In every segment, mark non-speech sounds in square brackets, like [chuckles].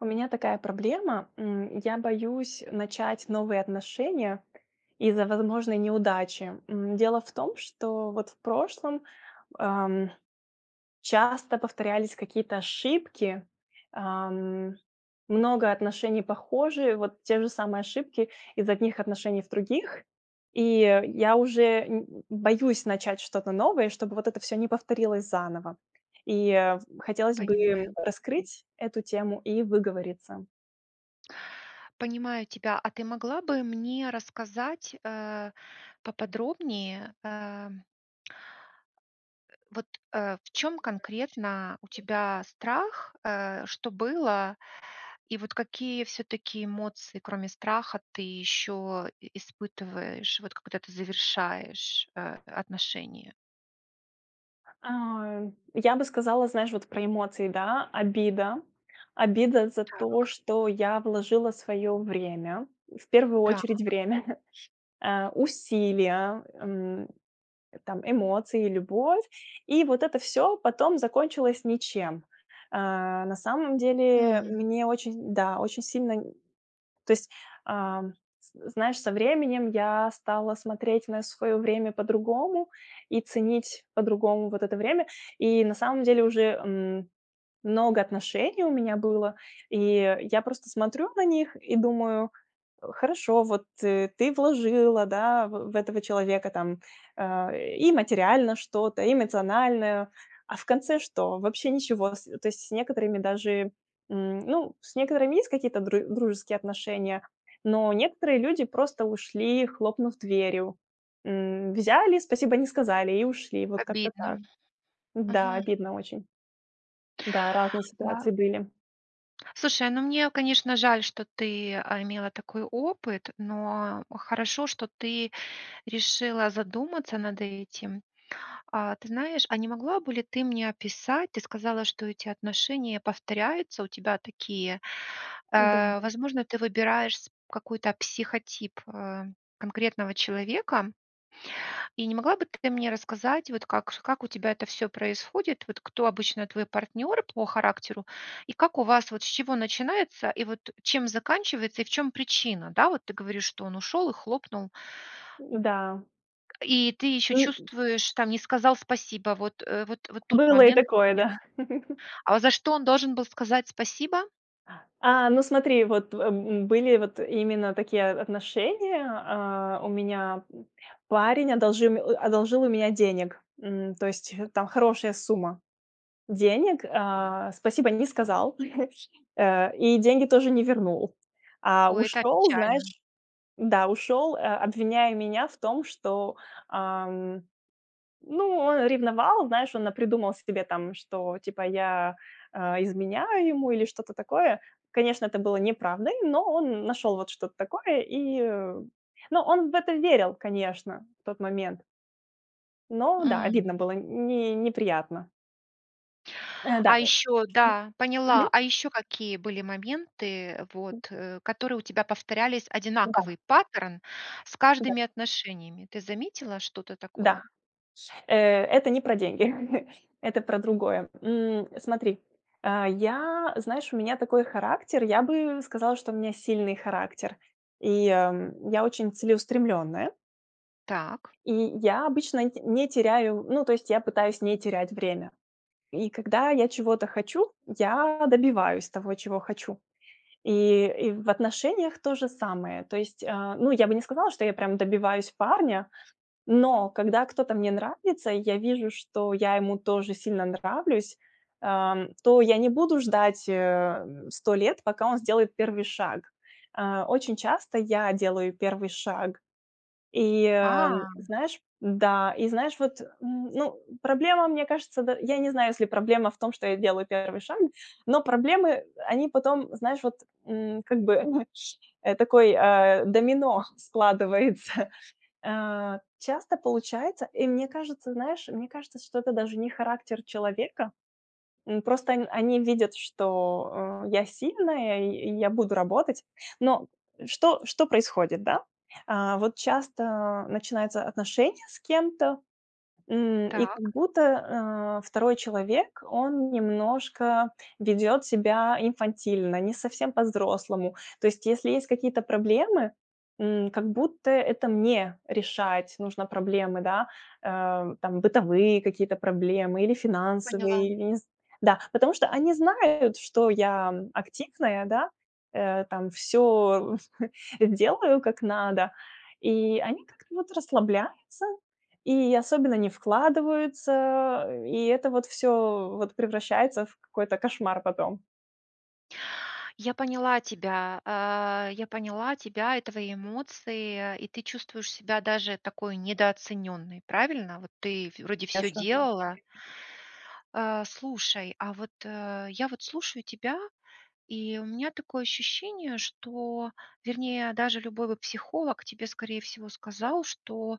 У меня такая проблема. М, я боюсь начать новые отношения из-за возможной неудачи. М, дело в том, что вот в прошлом, ам, часто повторялись какие-то ошибки. Ам, много отношений похожие, вот те же самые ошибки из одних отношений в других. И я уже нь м м, боюсь начать что-то новое, чтобы вот это всё не повторилось заново. И хотелось бы Понимаю. раскрыть эту тему и выговориться. Понимаю тебя. А ты могла бы мне рассказать, э, поподробнее, э э, вот, э, в чём Между прочим, конкретно у э тебя страх? Э, что было, и вот какие всё-таки эмоции, кроме страха, ты ещё и испытываешь, вот когда ты завершаешь, э, отношения? А, я бы сказала, знаешь, вот про эмоции, да. Обида. Обида за то, Так. что я вложила своё время. В первую Так. очередь, время. [chuckles] Э, усилия, эм, там, эмоции и любовь. И вот это всё потом закончилось ничем. А, на самом деле М. мне очень да, очень сильно н то есть, ам, з знаешь, со временем я стала смотреть на своё время по-другому и ценить по-другому вот это время. И на самом деле уже, м, много отношений у меня было. И я просто смотрю на них и думаю: "Хорошо, вот ты вложила, да, в в этого человека там, э, и материально что-то, и эмоциональное, а в конце что? Вообще ничего". С то есть с некоторыми даже, м, ну, с некоторыми есть какие-то дру дружеские отношения, но некоторые люди просто ушли, хлопнув дверью. М, взяли, "спасибо" не сказали и ушли. Вот как-то Обидно. так. Да, Мгм. обидно очень. Да, разные ситуации Да. были. Слушай, ну, мне, конечно, жаль, что ты, а, имела такой опыт, но хорошо, что ты решила задуматься над этим. А, ты знаешь, а не могла бы ли ты мне описать ты сказала, что эти отношения повторяются у тебя такие. Да. Э, возможно, ты выбираешь сп какой-то психотип, э, конкретного человека. И не могла бы ты мне рассказать, вот как с как у тебя это всё происходит? Вот кто обычно твой партнёр по характеру, и как у вас, вот с чего начинается, и вот чем заканчивается, и в чём причина? Да, вот ты говоришь, что он ушёл и хлопнул М-да. И ты ещё Э, м. чувствуешь, там, не сказал "спасибо" вот, э, вот вот тут Было и момент такое, мне да. [chuckles] А вот за что он должен был сказать "спасибо"? А, ну смотри, вот, в м, были вот именно такие, э, отношения, а. У меня, м, парень одолжил мя а одолжил у меня денег. М, то есть, э, там хорошая сумма денег, а. "Спасибо" не сказал, [sneezes] э, и деньги тоже не вернул. А О, это ушел, печально. знаешь да, ушел, э, обвиняя меня в том, что, ам. Ну, он ревновал, знаешь, он напридумал себе там, что типа я, э, изменяю ему или что-то такое. Конечно, это было неправдой, но он нашёл вот что-то такое, и, э, ну но он в это верил, конечно, в тот момент. Но да, обидно М. было, не неприятно. Э, да, А э, ещё что да, поняла. мгм. А ещё какие были моменты, вот, М. э, которые у тебя повторялись, М-да. одинаковый паттерн с Ну да. каждыми отношениями? Ты заметила что-то такое? Да, э это не про деньги. [chuckles] Это про другое. М, э, смотри, э, я, знаешь, у меня такой характер, я бы сказала, что у меня сильный характер. И, ам, я очень целеустремленная. Так. И я обычно т не теряю, ну, то есть я пытаюсь не терять время. И когда я чего-то хочу, я добиваюсь того, чего хочу. И и в отношениях то же самое. То есть, э, ну я бы не сказала, что я прям добиваюсь парня, но когда кто-то мне нравится, и я вижу, что я ему тоже сильно нравлюсь, ам, то я не буду ждать, э, м, 100 лет, пока он сделает первый шаг. Э, очень часто я делаю первый шаг. И, э, А. знаешь да, и, знаешь, вот, м, ну, проблема, мне кажется, да, я не знаю, если проблема в том, что я делаю первый шаг, но проблемы они потом, знаешь, вот, м, как бы. [chuckles] Э, такой, э, домино складывается. Э, часто получается, и мне кажется, знаешь, мне кажется, что это даже не характер человека. М, просто он они видят, что, э, я сильная, и и я буду работать. Но что что происходит, да? А, вот часто начинаются отношения с кем-то, м, и как Так. будто, э, второй человек, он немножко ведет себя инфантильно, не совсем по-взрослому. То есть если есть какие-то проблемы, м, как будто это мне решать нужно проблемы, да. Э, там, бытовые какие-то проблемы или Поняла. финансовые, или нез Да, потому что они знают, что я активная, да, э, там всё [chuckles] делаю, как надо. И они как-то вот расслабляются, и особенно не вкладываются. И это вот всё вот превращается в какой-то кошмар потом. Я поняла тебя, а, я поняла тебя и твои эмоции, и ты чувствуешь себя даже такой недооцененной, правильно? Вот ты вроде всё Конечно. делала. А, слушай, а вот, э, я вот слушаю тебя, и у меня такое ощущение, что вернее, даже любой бы психолог тебе, скорее всего, сказал, что,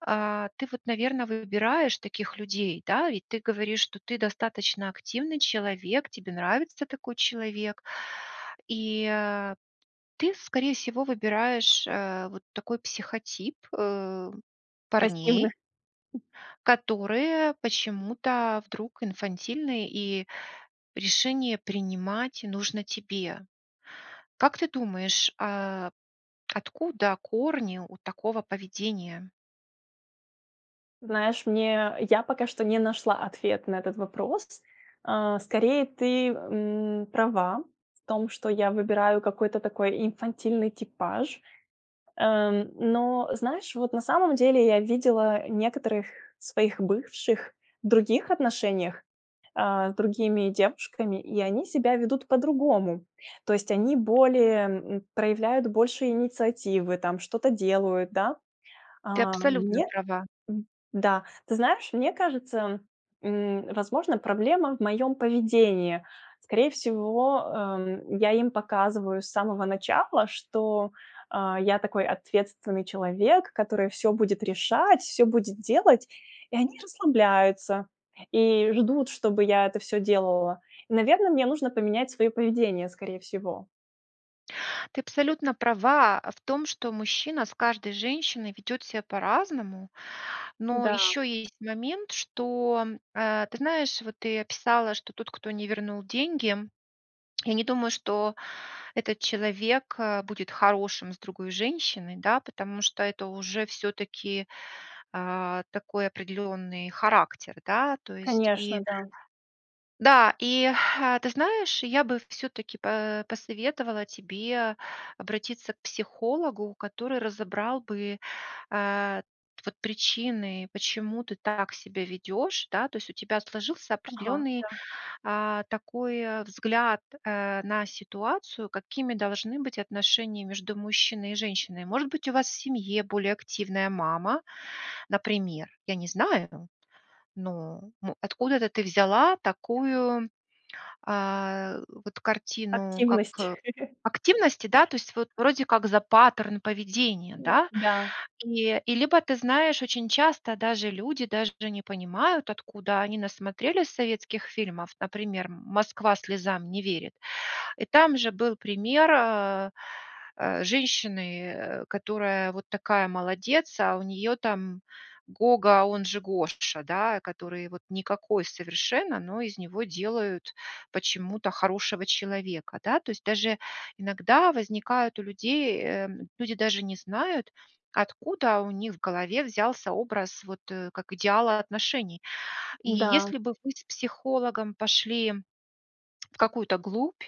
а, ты вот, наверно, выбираешь таких людей, да, ведь ты говоришь, что ты достаточно активный человек, тебе нравится такой человек. И, а, ты, скорее всего, выбираешь, э, вот такой психотип, э, парней Пассивных. которые, почему-то, вдруг инфантильны, и решение принимать нужно тебе. Как ты думаешь, э, откуда корни у такого поведения? Знаешь, мне, я пока что не нашла ответ на этот вопрос. А, скорее ты, м, права в том, что я выбираю какой-то такой инфантильный типаж. Эм, но, знаешь, вот на самом деле, я видела некоторых своих бывших в других отношениях, а, с другими девушками, и они себя ведут по-другому. То есть они более, м, проявляют больше инициативы, там, что-то делают, да? Ты А абсолютно мне, права. м, да. Ты знаешь, мне кажется, м, возможно проблема в моём поведении. Скорее всего, эм, я им показываю с самого начала, что, а, я такой ответственный человек, который всё будет решать, всё будет делать. И они расслабляются и ждут, чтобы я это всё делала. И, наверно, мне нужно поменять своё поведение, скорее всего. Ты абсолютно права в том, что мужчина с каждой женщиной ведет ся по-разному, но Да. ещё есть момент, что, а, ты знаешь, вот ты описала, что тот, кто не вернул деньги, я не думаю, что этот человек, э, будет хорошим с другой женщиной, да, потому что это уже всё-таки, а, такой определённый характер, да? То есть, Конечно, и да. да, и, э, ты знаешь, я бы всё-таки, по посоветовала тебе обратиться к психологу, который разобрал бы, а, вот причины, почему ты так себя ведёшь, да, то есть у тебя сложился Ага, определённый, да. а, такой взгляд, э, на ситуацию, какими должны быть отношения между мужчиной и женщиной. Может быть, у вас в семье более активная мама, например. Я не знаю, но, м, откуда-то ты взяла Так. такую, а, вот картину, как, Активность. э, [chuckles] активности, да, то есть вот, вроде как за паттерн поведения, Н да? да. И, и либо ты знаешь, очень часто, даже люди, даже не понимают, откуда они насмотрелись советских фильмов, например: "Москва слезам не верит". И там же был пример, а, э, женщины, э, которая вот такая молодец, а у неё там Гога, он же Гоша, да, который вот, никакой совершенно, но из него делают почему-то хорошего человека. Да, то есть, даже иногда возникают у людей, эм, люди даже не знают, откуда у них в голове взялся образ вот, как идеала отношений. И Да. если бы вы с психологом пошли в какую-то глубь,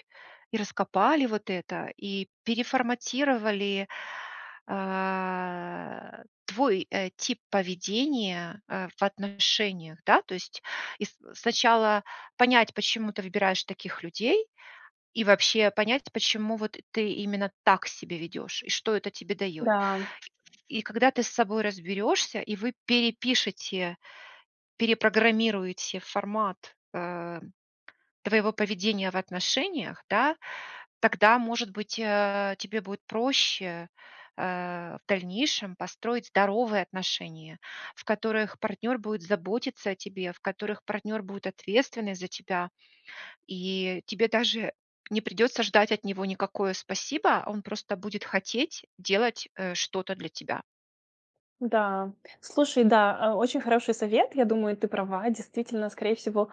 и раскопали вот это, и переформатировали, а, твой, э, тип поведения, а, в отношениях. Да, то есть, и с сначала понять, почему ты выбираешь таких людей, и вообще понять, почему вот, ты именно так себя ведёшь, и что это тебе даёт. Да. И когда ты с собой разберёшься, и вы перепишите, перепрограммируете формат, э, твоего поведения в отношениях, да, тогда, может быть, э, тебе будет проще, э, в дальнейшем, построить здоровые отношения, в которых партнёр будет заботиться о тебе, в которых партнёр будет ответственный за тебя, и тебе даже не придётся ждать от него никакое "спасибо", а он просто будет хотеть делать, э, что-то для тебя. Да, слушай, да, а, очень хороший совет. Я думаю, ты права. Действительно, скорее всего,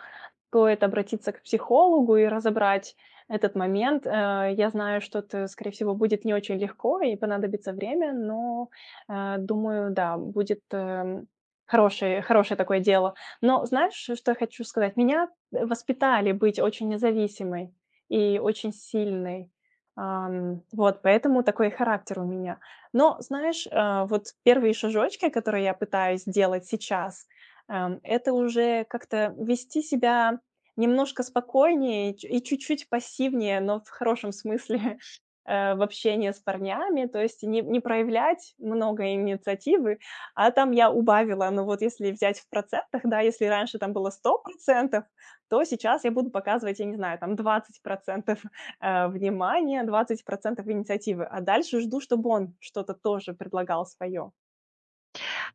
стоит обратиться к психологу и разобрать этот момент, э. Я знаю, что это скорее всего будет не очень легко и понадобится время, но, э, думаю, да, будет, эм, хорошее хорошее такое дело. Но знаешь, что я хочу сказать? Меня, э, воспитали быть очень независимой и очень сильной. Ам, вот поэтому такой характер у меня. Но знаешь, э, вот 1 шажочки, которые я пытаюсь делать сейчас: эм, это уже, как-то вести себя немножко спокойнее и чу и чуть-чуть пассивнее, но в хорошем смысле, [chuckles] э, в общении с парнями. То есть, не не проявлять много инициативы. А там я убавила, ну, вот если взять в процентах, да, если раньше там было 100 %, то сейчас я буду показывать, я не знаю, там, 20 %, [chuckles] э, внимания, 20 % инициативы, а дальше жду, чтоб он что-то тоже предлагал своё.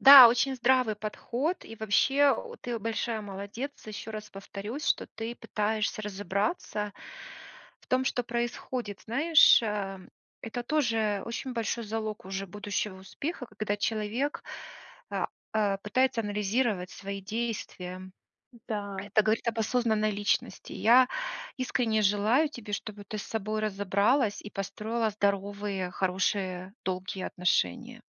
Да, очень здравый подход, и вообще, ты большая молодец, ещё раз повторюсь, что ты пытаешься разобраться в том, что происходит. Знаешь, а, это тоже очень большой залог уже будущего успеха, когда человек, а а, пытается анализировать свои действия. Да. Это говорит об осознанной личности. Я искренне желаю тебе, чтобы ты с собой разобралась и построила здоровые, хорошие, долгие отношения.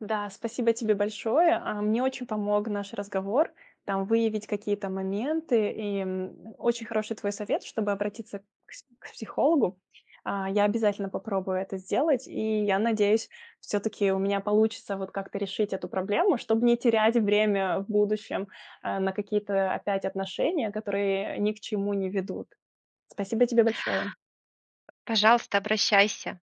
Да, спасибо тебе большое. А, мне очень помог наш разговор, там выявить какие-то моменты, и, м, очень хороший твой совет, чтобы обратиться к с к психологу. А, я обязательно попробую это сделать и, я надеюсь, всё-таки у меня получится вот как-то решить эту проблему, чтоб не терять время в будущем, а, на какие-то опять отношения, которые ни к чему не ведут. Спасибо тебе большое. Пожалуйста, обращайся!